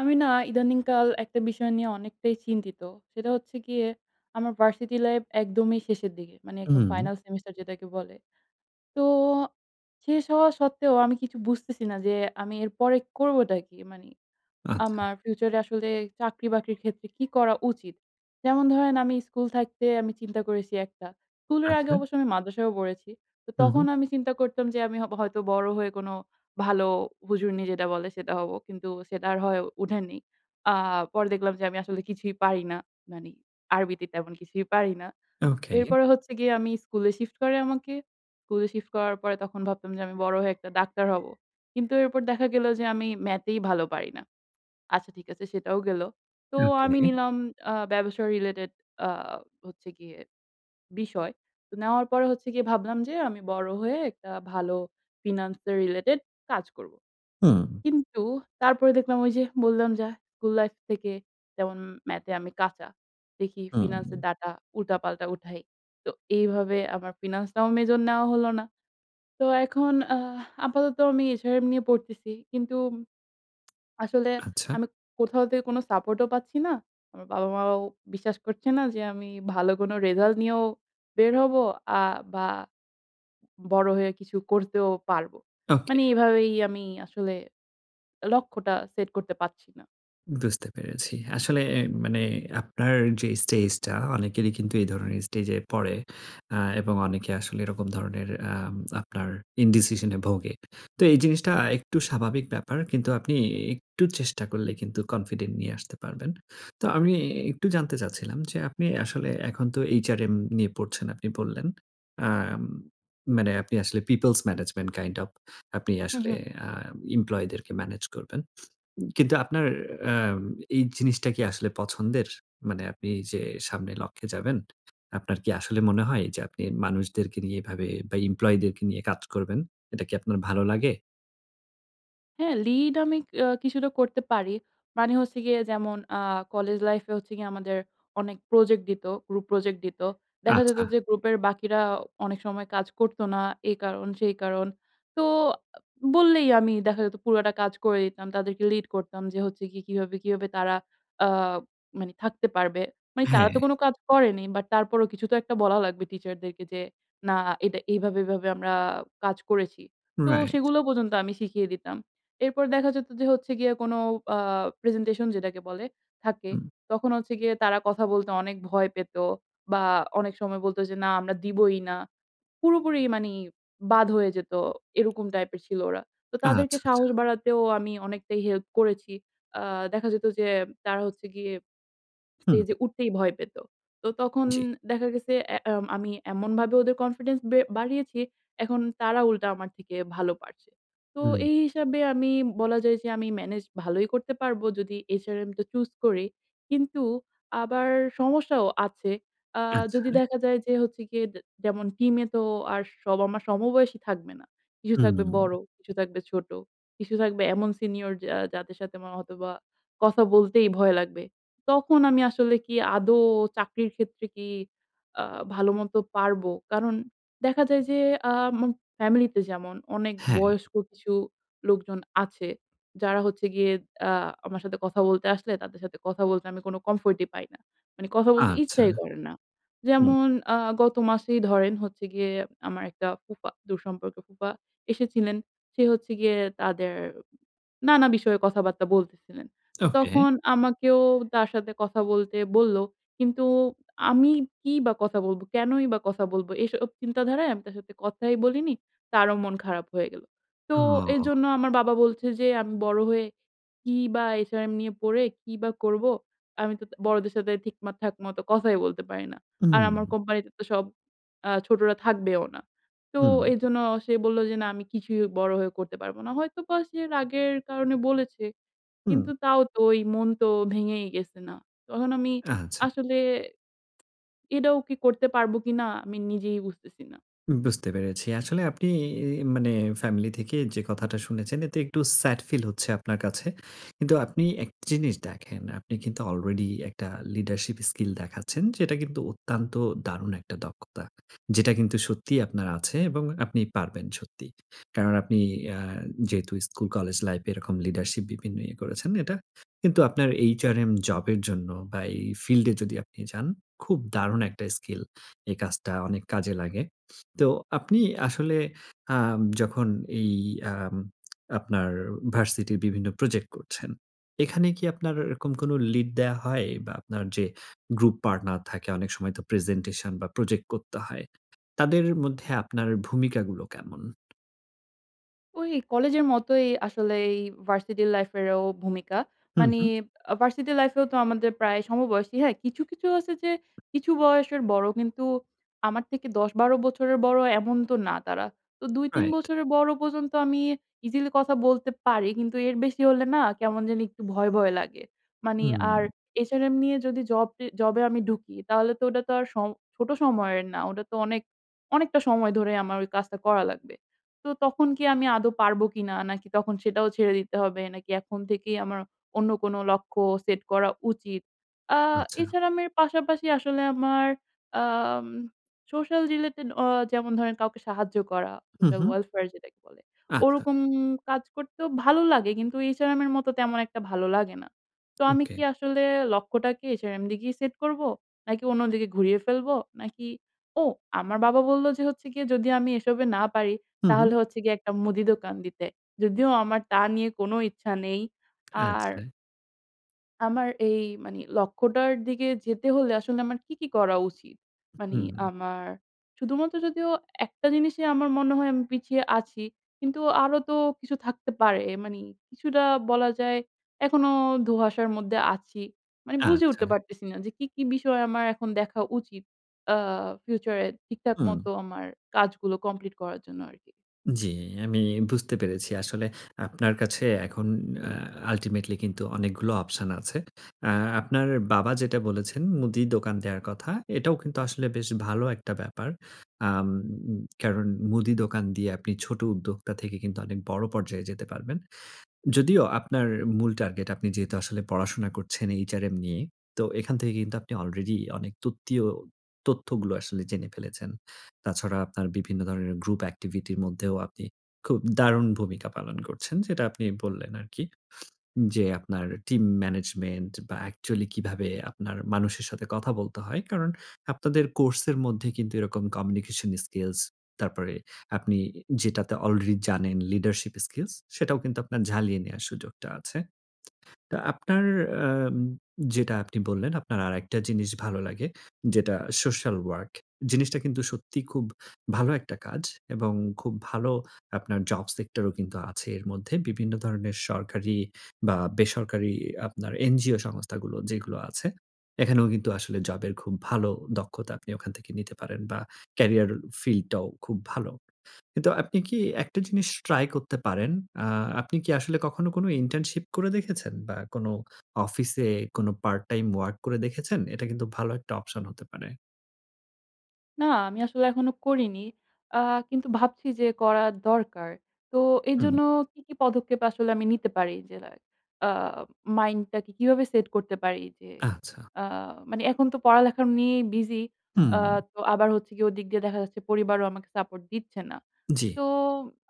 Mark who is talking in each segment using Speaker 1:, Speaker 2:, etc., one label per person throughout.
Speaker 1: আমি না ইদানিং কাল একটা বিষয় নিয়ে অনেকটাই চিন্তিত। সেটা হচ্ছে গিয়ে আমার ভার্সিটি লাইফ একদমই শেষের দিকে। মানে একদম
Speaker 2: হুম।
Speaker 1: ফাইনাল সেমিস্টার যেটাকে বলে। তো শেষ হওয়া সত্ত্বেও আমি কিছু বুঝতেছি না। যে, আমি এরপরে করবটা কি? মানি
Speaker 2: আচ্ছা।
Speaker 1: আমার ফিউচার এ আসলে চাকরি-বাকরির ক্ষেত্রে কি করা উচিত? যেমন ধরেন আমি স্কুল থাকতে আমি চিন্তা করেছি একটা। স্কুলের আগে
Speaker 2: আচ্ছা।
Speaker 1: অবশ্য আমি মাদ্রাসায়ও পড়েছি। তো
Speaker 2: হুম,
Speaker 1: তখন
Speaker 2: হুম।
Speaker 1: আমি চিন্তা করতাম যে, আমি হ হয়তো বড় হয়ে কোন ভালো হুজুরনী যেটা বলে সেটা হব। কিন্তু সেটা আর হয়ে উঠেনি। আ পরে দেখলাম যে, আমি আসলে কিছুই পারি না। মানি আরবিতে তেমন কিছুই পারি না।
Speaker 2: ওকে।
Speaker 1: এরপরে হচ্ছে গিয়ে আমি স্কুলে শিফট করে আমাকে। স্কুলে শিফট করার পরে তখন ভাবতাম যে, আমি বড় হয়ে একটা ডাক্তার হবো। কিন্তু এরপর দেখা গেল যে, আমি ম্যাথেই ভালো পারি না। আচ্ছা, ঠিক আছে। সেটাও গেল। তো আমি
Speaker 2: ওকে।
Speaker 1: নিলাম আ ব্যবসায় রিলেটেড আ হচ্ছে গিয়ে বিষয়। তো নেওয়ার পরে হচ্ছে গিয়ে ভাবলাম যে, আমি বড় হয়ে একটা ভালো ফিন্যান্স রিলেটেড কাজ করব।
Speaker 2: হুম।
Speaker 1: কিন্তু তারপরে দেখলাম ঐ যে বললাম যা স্কুল লাইফ থেকে তেমন ম্যাথে আমি কাঁচা। দেখি ফিন্যান্স এর
Speaker 2: হুম।
Speaker 1: ডাটা উল্টাপাল্টা উঠাই। তো এইভাবে আমার ফিন্যান্স টাও মেজর নেয়া হলো না। তো এখন আহ আপাতত আমি HRM নিয়ে পড়তেছি। কিন্তু আসলে
Speaker 2: আচ্ছা।
Speaker 1: আমি কোথাও থেকে কোন সাপোর্ট ও পাচ্ছি না। আমার বাবা মাও বিশ্বাস করছে না, যে আমি ভালো কোন রেজাল্ট নিয়েও বের হবো, আ বা বড় হয়ে কিছু করতেও পারব।
Speaker 2: ওকে।
Speaker 1: মানি এভাবেই আমি আসলে লক্ষ্যটা সেট করতে পারছি না।
Speaker 2: বুঝতে পেরেছি। আসলে এ মানে আপনার যে, স্টেজটা অনেকেরি কিন্তু এই ধরনের স্টেজে পড়ে আ এবং অনেকে আসলে এরকম ধরনের আম আপনার ইনডিসিশন এ ভোগে। তো এই জিনিসটা একটু স্বাভাবিক ব্যাপার। কিন্তু আপনি একটু চেষ্টা করলে কিন্তু কনফিডেন্ট নিয়ে আসতে পারবেন। তো আমি একটু জানতে চাচ্ছিলাম যে আপনি আসলে এখন তো HRM নিয়ে পড়ছেন, আপনি বললেন। আ মানে আপনি আসলে পিওপলস ম্যানেজমেন্ট কাইন্ড ওএফ আপনি
Speaker 1: হু,
Speaker 2: আসলে
Speaker 1: হু।
Speaker 2: আ এমপ্লয়ি দেরকে মেনেজ করবেন। কিন্তু আপনার আম এই জিনিসটা কি আসলে পছন্দের? মানে আপনি যে সামনে লক্ষে যাবেন, আপনার কি আসলে মনে হয় যে, আপনি মানুষদেরকে এভাবে, বা এমপ্লয়ি দেরকে নিয়ে কাজ করবেন? এটা কি আপনার ভালো লাগে?
Speaker 1: হ্যাঁ, লিড আমি ক আ কিছুটা করতে পারি। মানে হচ্ছে গিয়ে, যেমন আ কলেজ লাইফে হচ্ছে গিয়ে, আমাদের অনেক প্রজেক্ট দিত। গ্রুপ প্রজেক্ট দিত। দেখা যেত
Speaker 2: আচ্ছা।
Speaker 1: যে, গ্রুপের বাকিরা অনেক সময় কাজ করতো না। এই কারণ সেই কারণ। তো বললেই, আমি দেখা যেত পুরোটা কাজ করে দিতাম। তাদেরকে লিড করতাম যে, হচ্ছে কি, কিভাবে, কিভাবে তারা আ মানে থাকতে পারবে। মানে তারা
Speaker 2: হ্যাঁ।
Speaker 1: তো কোন কাজ করেনি, বাট তারপরও কিছু তো একটা বলা লাগবে, টিচারদেরকে যে না, "এটা এভাবে, এভাবে আমরা কাজ করেছি।" তো
Speaker 2: রাইট।
Speaker 1: সেগুলো পর্যন্ত আমি শিখিয়ে দিতাম। এরপর দেখা যেত যে, হচ্ছে গিয়ে কোন আ প্রেজেন্টেশন যেটাকে বলে থাকে।
Speaker 2: হুম।
Speaker 1: তখন হচ্ছে গিয়ে তারা কথা বলতে অনেক ভয় পেত, বা অনেক সময় বলত যে, "না আমরা দিবই না।" পুরোপুরি মানি বাদ হয়ে যেত। এরকম টাইপের ছিল ওরা। তো তাদেরকে
Speaker 2: আচ্ছা, আচ্ছা।
Speaker 1: সাহস বাড়াতেও আমি অনেকটাই হেল্প করেছি। আ দেখা যেত যে, তারা হচ্ছে গিয়ে স্টেজে
Speaker 2: হু।
Speaker 1: উঠতেই ভয় পেত। তো তখন
Speaker 2: জ্বী।
Speaker 1: দেখা গেসে এ আ আমি এমনভাবে ওদের কনফিডেন্স বে বাড়িয়েছি। এখন তারা উল্টা আমার থেকে ভালো পারছে। তো
Speaker 2: হুম।
Speaker 1: এই হিসাবে আমি বলা যায় যে, আমি মেনেজ ভালোই করতে পারবো, যদি HRM টা চুস করি। কিন্তু আবার সমস্যাও আছে। আ
Speaker 2: আচ্ছা।
Speaker 1: যদি দেখা যায় যে, হচ্ছে গিয়ে, জ যেমন টিমে তো আর সব আমার সমবয়সী থাকবে না। কিছু থাকবে বড়,
Speaker 2: হুম।
Speaker 1: কিছু থাকবে ছোট, কিছু থাকবে এমন সিনিয়র যা যাদের সাথে হয়তোবা কথা বলতেই ভয় লাগবে। তখন আমি আসলে কি আদৌ চাকরির ক্ষেত্রে কি আ ভাল মত পারব? কারণ দেখা যায় যে, আ আমার ফ্যামিলি তে যেমন অনেক
Speaker 2: হ্যাঁ।
Speaker 1: বয়স্ক কিছু লোকজন আছে, যারা হচ্ছে গিয়ে আ আমার সাথে কথা বলতে আসলে, তাদের সাথে কথা বলতে, আমি কোন কমফোর্টি পাই না। মানে কথা বলতে
Speaker 2: আচ্ছা।
Speaker 1: ইচ্ছাই করে না।
Speaker 2: হুম।
Speaker 1: যেমন আ গত মাসেই ধরেন হচ্ছে গিয়ে আমার একটা ফুফা, দূরসম্পর্কের ফুফা এসেছিলেন। সে হচ্ছে গিয়ে তাদের নানা বিষয়ে কথাবার্তা বলতেসিলেন। তো
Speaker 2: ওকে।
Speaker 1: তখন আমাকেও তার সাথে কথা বলতে বলল, কিন্তু আমি কি বা কথা বলব? কেনই বা কথা বলব? এসব চিন্তাধারায় আমি তার সাথে কথাই বলিনি। তারও মন খারাপ হয়ে গেল। তো
Speaker 2: ওহ!
Speaker 1: এজন্য আমার বাবা বলছে যে, আমি বড় হয়ে কি বা HRM নিয়ে পড়ে, কি বা করব? আমি তো বড়দের সাথে ঠিক মা ঠাক মত কথাই বলতে পারি না। আর আমার
Speaker 2: উ
Speaker 1: কোম্পানিতে তো সব আ ছোটরা থাকবেও না। তো
Speaker 2: হু।
Speaker 1: এজন্য সে বলল যে, না আমি কিছুই বড় হয়ে করতে পারব না। হয়তোবা সে রাগের কারণে বলেছে
Speaker 2: হু।
Speaker 1: কিন্তু তাও তো এই মন তো ভেঙেই গেছে না? তখন আমি
Speaker 2: আচ্ছা।
Speaker 1: আসলে এটাও কি করতে পারব কিনা? আমি নিজেই বুঝতেসি না।
Speaker 2: উব বুঝতে পেরেছি। আসলে আপনি এই ই মানে ফ্যামিলি থেকে যে কথাটা শুনেছেন এতে একটু স্যাড ফিল হচ্ছে আপনার কাছে। কিন্তু আপনি একটা জিনিস দেখেন, আপনি কিন্তু আলরেডি একটা লিডারশিপ স্কিল দেখাচ্ছেন যেটা কিন্তু অত্যন্ত দারুণ একটা দক্ষতা। যেটা কিন্তু সত্যিই আপনার আছে এবং আপনি পারবেন সত্যিই। কারণ আপনি আ যেহেতু স্কুল কলেজ লাইফ এরকম লিডারশিপ বিভিন্ন করেছেন। এটা কিন্তু আপনার এইচআরএম জবের জন্য বা এই ফিল্ডে যদি আপনি যান, খুব দারুণ একটা স্কিল। এই কাজটা অনেক কাজে লাগে। তো আপনি আসলে আ যখন এই আ আপনার ভার্সিটির বিভিন্ন প্রজেক্ট করছেন, এখানে কি আপনার এরকম কোনো লিড দেয়া হয়? বা আপনার যে গ্রুপ পার্টনার থাকে অনেক সময় তো প্রেজেন্টেশন বা প্রজেক্ট করতে হয়। তাদের মধ্যে আপনার ভূমিকাগুলো কেমন?
Speaker 1: ওই কলেজের মতোই আসলে এই ভার্সিটি লাইফেরও ভূমিকা।
Speaker 2: হুম,
Speaker 1: মানি
Speaker 2: হুম।
Speaker 1: আ ভার্সিটি লাইফেও তো আমাদের প্রায় সমবয়সী। হ্যাঁ, কিছু, কিছু আছে যে কিছু বয়সের বড় কিন্তু আমার থেকে ১০-১২ বছরের বড় এমন তো না তারা। তো ২-৩
Speaker 2: রাইট।
Speaker 1: বছরের বড় পর্যন্ত আমি ইজিলি কথা বলতে পারি। কিন্তু এর বেশি হলে না কেমন জানি একটু ভয়, ভয় লাগে। মানি আর
Speaker 2: হুম।
Speaker 1: এইচআরএম নিয়ে যদি জব জি জবে আমি ঢুকি, তাহলে তো ঐটা তো আর সম ছোট সময়ের না। ওটা তো অনেক অনেকটা সময় ধরে আমার ওই কাজটা করা লাগবে। তো তখন কি আমি আদো পারব কিনা? নাকি তখন সেটাও ছেড়ে দিতে হবে? নাকি এখন থেকেই আমার অন্য কোনো লক্ষ্য সেট করা উচিত? আ
Speaker 2: আচ্ছা।
Speaker 1: এছাড়া আমি পাশাপাশি আসলে আমার আম সোশ্যাল রিলেটেড আ যেমন ধরেন কাউকে সাহায্য করা,
Speaker 2: হুম,
Speaker 1: সোশ্যাল
Speaker 2: হুম।
Speaker 1: ওয়েলফেয়ার যেটাকে বলে।
Speaker 2: আচ্ছা।
Speaker 1: ওরকম কাজ করতেও ভালো লাগে কিন্তু এইচআরএম এর মতো তেমন একটা ভালো লাগে না। তো আমি
Speaker 2: ওকে।
Speaker 1: কি আসলে লক্ষ্যটা কি এইচআরএম দিকেই সেট করব? নাকি অন্যদিকে ঘুরিয়ে ফেলবো? নাকি ও আমার বাবা বললো যে হচ্ছে গিয়ে যদি আমি এসবে না পারি
Speaker 2: হুম, হুম।
Speaker 1: তাহলে হচ্ছে গিয়ে একটা মুদি দোকান দিতে। যদিও আমার তা নিয়ে কোনো ইচ্ছা নেই। আর
Speaker 2: আচ্ছা।
Speaker 1: আমার এই মানে লক্ষ্যটার দিকে যেতে হলে আসলে আমার কি, কি করা উচিত?
Speaker 2: উ
Speaker 1: মানে
Speaker 2: হুম।
Speaker 1: আমার শুধুমাত্র যদিও একটা জিনিসই আমার মনে হয় আমি পিছিয়ে আছি। কিন্তু আরো তো কিছু থাকতে পারে। মানে কিছুটা বলা যায় এখনো ধোঁয়াশার মধ্যে আছি। মানে বুঝে
Speaker 2: আচ্ছা।
Speaker 1: উঠতে পারতেসি না যে, কি, কি বিষয় আমার এখন দেখা উচিত। আ future এ ঠিকঠাক
Speaker 2: হুম।
Speaker 1: মতো আমার কাজগুলো complete করার জন্য আরকি।
Speaker 2: জ্বী, আমি বুঝতে পেরেছি। আসলে আপনার কাছে এখন আ ultimately কিন্তু অনেকগুলো option আছে। আ আপনার বাবা যেটা বলেছেন মুদি দোকান দেয়ার কথা, এটাও কিন্তু আসলে বেশ ভালো একটা ব্যাপার। আম কারণ মুদি দোকান দিয়ে আপনি ছোট উদ্যোক্তা থেকে কিন্তু অনেক বড় পর্যায়ে যেতে পারবেন। যদিও আপনার মূল টার্গেট আপনি যেহেতু আসলে পড়াশোনা করছেন HRM নিয়ে। তো এখান থেকে কিন্তু আপনি already অনেক তথ্যিও তথ্যগুলো আসলে জেনে ফেলেছেন। তাছাড়া আপনার বিভিন্ন ধরনের group activity এর মধ্যেও আপনি খুব দারুণ ভূমিকা পালন করছেন। যেটা আপনি বললেন আরকি। যে, আপনার team management বা actually কিভাবে আপনার মানুষের সাথে কথা বলতে হয়। কারণ আপনাদের course এর মধ্যে কিন্তু এরকম communication skills তারপরে আপনি যেটাতে already জানেন leadership skills সেটাও কিন্তু আপনার ঝালিয়ে নেওয়ার সুযোগটা আছে। তো আপনার আম যেটা আপনি বললেন, আপনার আরেকটা জিনিস ভালো লাগে। যেটা social work। জিনিসটা কিন্তু সত্যিই খুব ভালো একটা কাজ এবং খুব ভালো আপনার job sector ও কিন্তু আছে এর মধ্যে। বিভিন্ন ধরনের সরকারি বা বেসরকারি আপনার NGO সংস্থাগুলো যেগুলো আছে। এখানেও কিন্তু আসলে জবের খুব ভালো দক্ষতা আপনি ওখান থেকে নিতে পারেন বা carrier field টাও খুব ভালো কিন্তু আপনি কি একটা জিনিস try করতে পারেন? আ আপনি কি আসলে কখনো কোন internship করে দেখেছেন বা কোন অফিসে কোন part time work করে দেখেছেন? এটা কিন্তু ভালো একটা option হতে পারে।
Speaker 1: না। আমি আসলে এখনো করিনি। আ কিন্তু ভাবছি যে করা দরকার। তো
Speaker 2: হুম।
Speaker 1: এইজন্য কি, কি পদক্ষেপ আসলে আমি নিতে পারি? যেদা আ মাইন্ডটাকে কিভাবে সেট করতে পারি? যে
Speaker 2: আচ্ছা।
Speaker 1: আ মানে এখন তো পড়ালেখা নিয়েই বিজি।
Speaker 2: হুম।
Speaker 1: আ তো আবার হচ্ছে গিয়ে ওদিক দিয়ে দেখা যাচ্ছে পরিবারও আমাকে সাপোর্ট দিচ্ছে না।
Speaker 2: জি।
Speaker 1: তো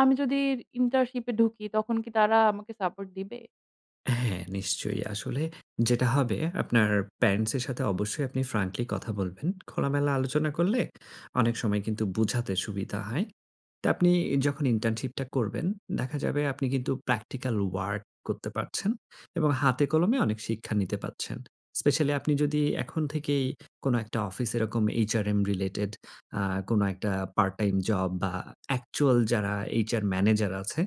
Speaker 1: আমি যদি ইন্টার্নশিপে ঢুকি তখন কি তারা আমাকে সাপোর্ট দিবে?
Speaker 2: হ্যাঁ, নিশ্চয়ই। আসলে যেটা হবে আপনার প্যারেন্টস এর সাথে অবশ্যই আপনি ফ্র্যাঙ্কলি কথা বলবেন। খোলামেলা আলোচনা করলে অনেক সময় কিন্তু বুঝাতে সুবিধা হয়। তো আপনি যখন ইন্টার্নশিপটা করবেন, দেখা যাবে আপনি কিন্তু প্র্যাকটিক্যাল ওয়ার্ক করতে পারছেন। এবং হাতে কলমে অনেক শিক্ষা নিতে পারছেন। স্পেশালি আপনি যদি এখন থেকেই কোনো একটা অফিস এরকম এইচআরএম রিলেটেড আ কোনো একটা পার্ট-টাইম জব বা অ্যাকচুয়াল যারা এইচআর ম্যানেজার আছে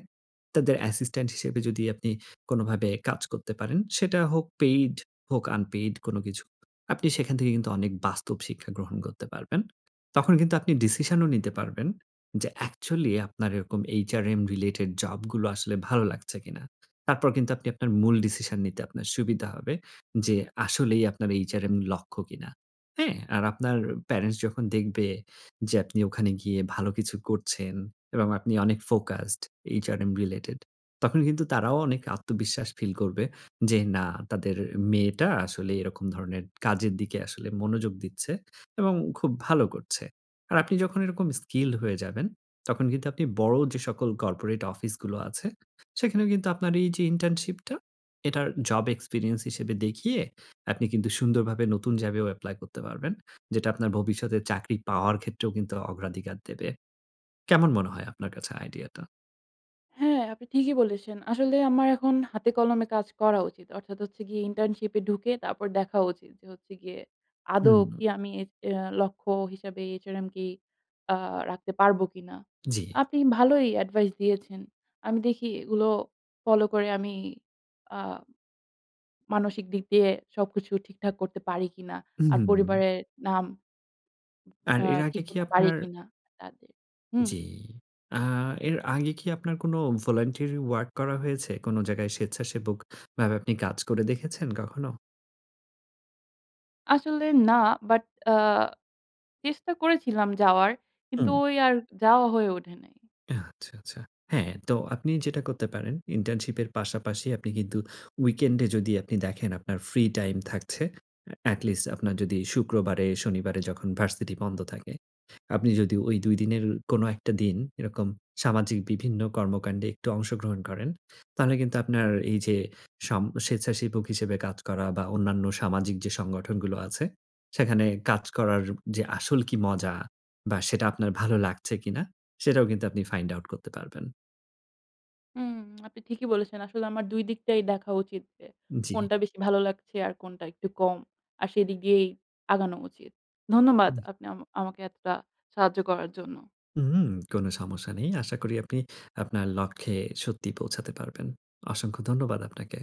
Speaker 2: তাদের অ্যাসিস্ট্যান্ট হিসেবে যদি আপনি কোনোভাবে কাজ করতে পারেন। সেটা হোক পেইড হোক আনপেইড কোনো কিছু না। আপনি সেখান থেকে কিন্তু অনেক বাস্তব শিক্ষা গ্রহণ করতে পারবেন। তখন কিন্তু আপনি ডিসিশনও নিতে পারবেন। যে অ্যাকচুয়ালি আপনার এরকম এইচআরএম রিলেটেড জব গুলো আসলে ভালো লাগছে কিনা। তারপর কিন্তু আপনি আপনার মূল ডিসিশন নিতে আপনার সুবিধা হবে। যে আসলেই আপনার এইচআরএম লক্ষ্য কিনা। হ্যাঁ? আর আপনার প্যারেন্টস যখন দেখবে যে আপনি ওখানে গিয়ে ভালো কিছু করছেন এবং আপনি অনেক ফোকাসড এইচআরএম রিলেটেড। তখন কিন্তু তারাও অনেক আত্মবিশ্বাস ফিল করবে। যে না, তাদের মেয়েটা আসলে এরকম ধরনের কাজের দিকে আসলে মনোযোগ দিচ্ছে। এবং খুব ভালো করছে। আর আপনি যখন এরকম স্কিলড হয়ে যাবেন। তখন কিন্তু আপনি বড় যে সকল কর্পোরেট অফিসগুলো আছে, সেখানেও কিন্তু আপনার এইযে ইন্টার্নশিপটা এটার জব এক্সপেরিয়েন্স হিসেবে দেখিয়ে আপনি কিন্তু সুন্দরভাবে নতুন জবে এপ্লাই করতে পারবেন। যেটা আপনার ভবিষ্যতে চাকরি পাওয়ার ক্ষেত্রেও কিন্তু অগ্রাধিকার দেবে। কেমন মনে হয় আপনার কাছে আইডিয়াটা?
Speaker 1: হ্যাঁ, আপনি ঠিকই বলেছেন। আসলে আমার এখন হাতে কলমে কাজ করা উচিত। অর্থাৎ হচ্ছে গিয়ে internship এ ঢুকে তারপর দেখা উচিত। যে, হচ্ছে গিয়ে আদৌ
Speaker 2: হুম।
Speaker 1: কি আমি এ অ্যা লক্ষ্য হিসাবে HRM কি আ রাখতে পারব কিনা?
Speaker 2: জি।
Speaker 1: আপনি ভালোই advice দিয়েছেন। আমি দেখি এগুলো follow করে আমি আ মানসিক দিক দিয়ে সবকিছু ঠিকঠাক করতে পারি কিনা। আর
Speaker 2: হুম।
Speaker 1: পরিবারের নাম
Speaker 2: আর
Speaker 1: অ্যা
Speaker 2: এর আগে
Speaker 1: ঠিক
Speaker 2: কি
Speaker 1: করতে পারি
Speaker 2: আপনার
Speaker 1: কিনা। কাজে, হুম।
Speaker 2: জি। আ এর আগে কি আপনার কোন voluntary work করা হয়েছে? কোন জায়গায় স্বেচ্ছাসেবক ভাবে আপনি কাজ করে দেখেছেন কখনো?
Speaker 1: আসলে না। But আ চেষ্টা করেছিলাম যাওয়ার। কিন্তু
Speaker 2: হুম।
Speaker 1: ওই আর যাওয়া হয়ে ওঠে নাই।
Speaker 2: আচ্ছা, আচ্ছা। হ্যাঁ, তো আপনি যেটা করতে পারেন, internship এর পাশাপাশি আপনি কিন্তু weekend এ যদি আপনি দেখেন আপনার free time থাকছে। এ atleast আপনার যদি শুক্রবারে, শনিবারে যখন ভার্সিটি বন্ধ থাকে, আপনি যদি ওই ২ দিনের কোন ১ টা দিন এরকম সামাজিক বিভিন্ন কর্মকাণ্ডে একটু অংশগ্রহণ করেন। তাহলে কিন্তু আপনার এই যে, সাম স্বেচ্ছাসেবক হিসেবে কাজ করা বা অন্যান্য সামাজিক সংগঠনগুলো আছে, সেখানে কাজ করার যে, আসল কি মজা বা সেটা আপনার ভালো লাগছে কিনা সেটাও কিন্তু আপনি find out করতে পারবেন।
Speaker 1: হুম, আপনি ঠিকই বলেছেন। আসলে আমার ২ দিকটাই দেখা উচিত। এ
Speaker 2: জি।
Speaker 1: কোনটা বেশি ভালো লাগছে আর কোনটা একটু কম। আর সেদিকেই আগানো উচিত। ধন্যবাদ
Speaker 2: উম।
Speaker 1: আপনি আম আমাকে এতটা সাহায্য করার জন্য।
Speaker 2: উহুম, কোন সমস্যা নেই। আশা করি আপনি আপনার লক্ষ্যে সত্যিই পৌঁছাতে পারবেন। অসংখ্য ধন্যবাদ আপনাকে।